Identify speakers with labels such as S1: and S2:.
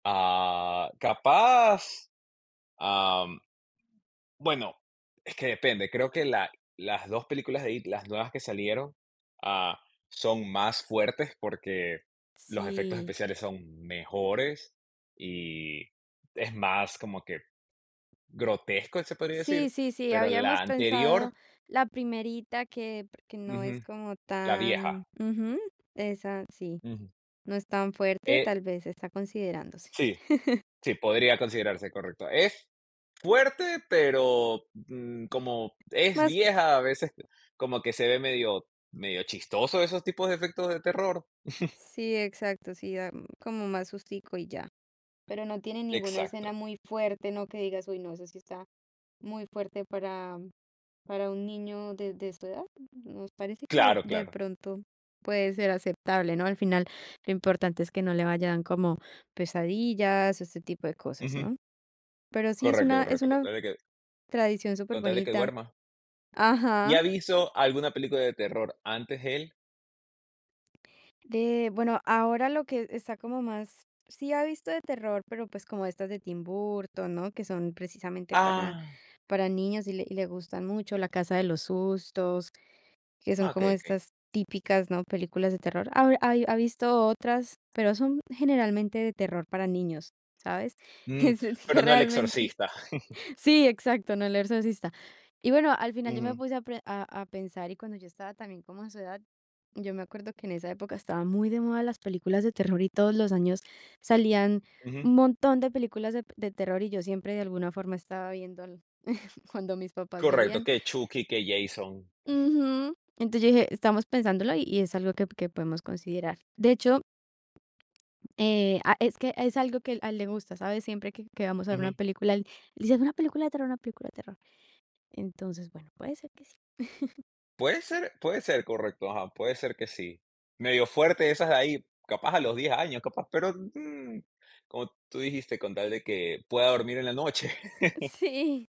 S1: Ah, capaz. Am. Bueno, es que depende. Creo que la las 2 películas de It, las nuevas que salieron, ah, son más fuertes, porque los efectos
S2: Sí.
S1: especiales son mejores y es más como que grotesco, se podría
S2: Sí,
S1: decir,
S2: sí, sí,
S1: pero la
S2: habíamos pensado
S1: anterior
S2: la primerita que pr que no es
S1: Ujú.
S2: como
S1: La
S2: tan
S1: vieja.
S2: ujú, esa sí,
S1: Ujú.
S2: no es tan fuerte.
S1: Eh.
S2: Tal vez, está considerándose.
S1: Sí, sí, podría considerarse, correcto. Es fuerte, pero, mm, como es
S2: Más
S1: vieja, a veces como que se ve medio medio chistoso esos tipos de efectos de terror.
S2: Sí, exacto, sí da, mm, como más sustico y ya. Pero no tiene ninguna escena
S1: Exacto.
S2: muy fuerte, ¿no? que digas: "Uy, no, esa sí está muy fuerte para para un niño de de su edad". Nos parece que
S1: Claro,
S2: de
S1: claro.
S2: pronto puede ser aceptable, ¿no? Al final, lo importante es que no le vayan como pesadillas, ese tipo de cosas,
S1: Ujú.
S2: ¿no? Pero sí, es
S1: Correcto,
S2: una es
S1: correcto, con
S2: una
S1: tal de que
S2: tradición
S1: con tal de que
S2: superbonita
S1: duerma. ¿Y
S2: ajá.
S1: ha visto alguna película de terror antes él?
S2: De bueno, ahora lo que está como más sí ha visto de terror, pero, pues, como estas de Tim Burton, ¿no?, que son precisamente para
S1: Ah.
S2: para niños, y le y le gustan mucho. La casa de los sustos, que
S1: Ah,
S2: son como
S1: okey, okey.
S2: estas típicas, ¿no?, películas de terror. Ahora hay ha visto otras, pero son generalmente de terror para niños, ¿sabes?
S1: Mm,
S2: Es
S1: pero
S2: que
S1: no El
S2: realmente
S1: exorcista.
S2: sí, exacto, no El exorcista. Y bueno, al final yo me
S1: Ujú.
S2: puse a pre a a pensar, y cuando yo estaba también como a su edad, yo me acuerdo que en esa época estaban muy de moda las películas de terror y todos los años salían
S1: Ujú.
S2: un montón de películas de de terror, y yo siempre, de alguna forma, estaba viendo el cuando mis papás
S1: Correcto,
S2: veían.
S1: que Chucky, que Jason.
S2: Ujú, entonces yo dije: "Estamos pensándolo y y es algo que que podemos considerar". De hecho eh, a es que es algo que a él le gusta, ¿sabes? Siempre que que vamos a ver una
S1: Ujú.
S2: película, él dice de: "Una película de terror, una película de terror". Entonces, bueno, puede ser que sí.
S1: Puede ser, puede ser, correcto, ajá, puede ser que sí. Medio fuerte, esas de ahí, capaz a los 10 años, capaz, pero, mm, como tú dijiste, con tal de que pueda dormir en la noche.
S2: Sí.